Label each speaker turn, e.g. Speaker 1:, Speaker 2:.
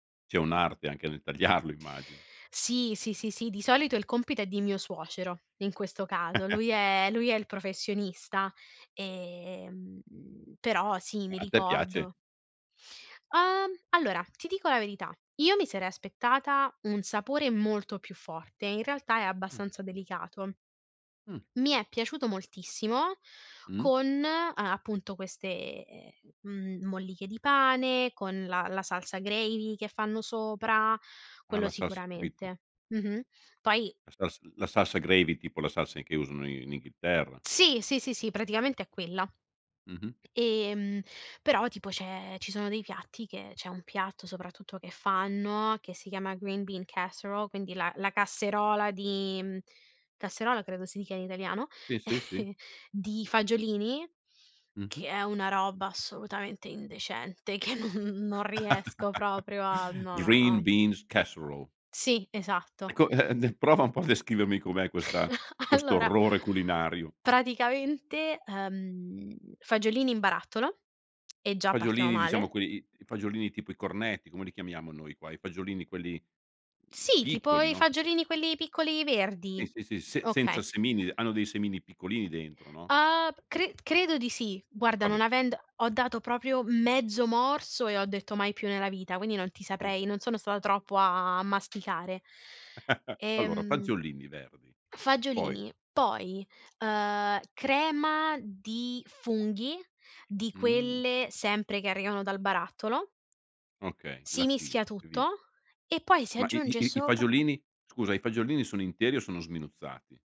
Speaker 1: C'è un'arte anche nel tagliarlo immagino.
Speaker 2: Sì, sì, sì, sì, di solito il compito è di mio suocero, in questo caso. Lui è lui è il professionista e, mhmm, però sì,
Speaker 1: Ma
Speaker 2: mi
Speaker 1: a te piace?
Speaker 2: ricordo Uhm, allora ti dico la verità, io mi sarei aspettata un sapore molto più forte, in realtà è
Speaker 1: Mh.
Speaker 2: abbastanza delicato
Speaker 1: Mh.
Speaker 2: mi è piaciuto moltissimo,
Speaker 1: Mh.
Speaker 2: con a appunto queste m molliche di pane, con la la salsa gravy che fanno sopra,
Speaker 1: Ah
Speaker 2: quello
Speaker 1: la sals capito.
Speaker 2: sicuramente. Mh-mh. Poi
Speaker 1: La sals la salsa gravy, tipo la salsa i che usano i in Inghilterra.
Speaker 2: Sì, sì, sì, sì, praticamente è quella.
Speaker 1: Mh-mh.
Speaker 2: Ehm, però tipo c'è ci sono dei piatti che c'è un piatto soprattutto che fanno, che si chiama green bean casserole quindi la la casserola di casserola credo si dica in italiano
Speaker 1: Sì, sì, sì.
Speaker 2: di fagiolini,
Speaker 1: Mh-mh.
Speaker 2: che è una roba assolutamente indecente che non non riesco proprio a no, no,
Speaker 1: Green
Speaker 2: no.
Speaker 1: Beans Casserole.
Speaker 2: Sì, esatto.
Speaker 1: Ecco eh, d ehm, prova un po' a descrivermi com'è questa questo
Speaker 2: Allora
Speaker 1: orrore culinario.
Speaker 2: praticamente, ehm, fagiolini in barattolo e già partiamo
Speaker 1: Fagiolini diciamo
Speaker 2: male.
Speaker 1: que i i fagiolini tipo i cornetti, come li chiamiamo noi qua? I fagiolini quelli mhmm,
Speaker 2: Sì, tipo
Speaker 1: piccoli,
Speaker 2: i
Speaker 1: no?
Speaker 2: fagiolini quelli piccoli
Speaker 1: Sì,
Speaker 2: verdi,
Speaker 1: sì, sì, se senza
Speaker 2: okay.
Speaker 1: semini hanno dei semini piccolini dentro, no?
Speaker 2: Uhm, p cre credo di sì, guarda
Speaker 1: Va beh.
Speaker 2: non avendo ho dato proprio mezzo morso e ho detto mai più nella vita, quindi non ti
Speaker 1: Ah.
Speaker 2: saprei non sono stata troppo a masticare.
Speaker 1: Allora
Speaker 2: Ehm
Speaker 1: fagiolini verdi, poi
Speaker 2: fagiolini, poi, uhm, crema di funghi, di
Speaker 1: Mh.
Speaker 2: quelle sempre che arrivano dal barattolo.
Speaker 1: Okay,
Speaker 2: Si
Speaker 1: lattina,
Speaker 2: mischia
Speaker 1: e via.
Speaker 2: tutto e poi si
Speaker 1: Ma i i
Speaker 2: aggiunge
Speaker 1: i i
Speaker 2: sopra
Speaker 1: fagiolini scusa i fagiolini sono interi o sono sminuzzati?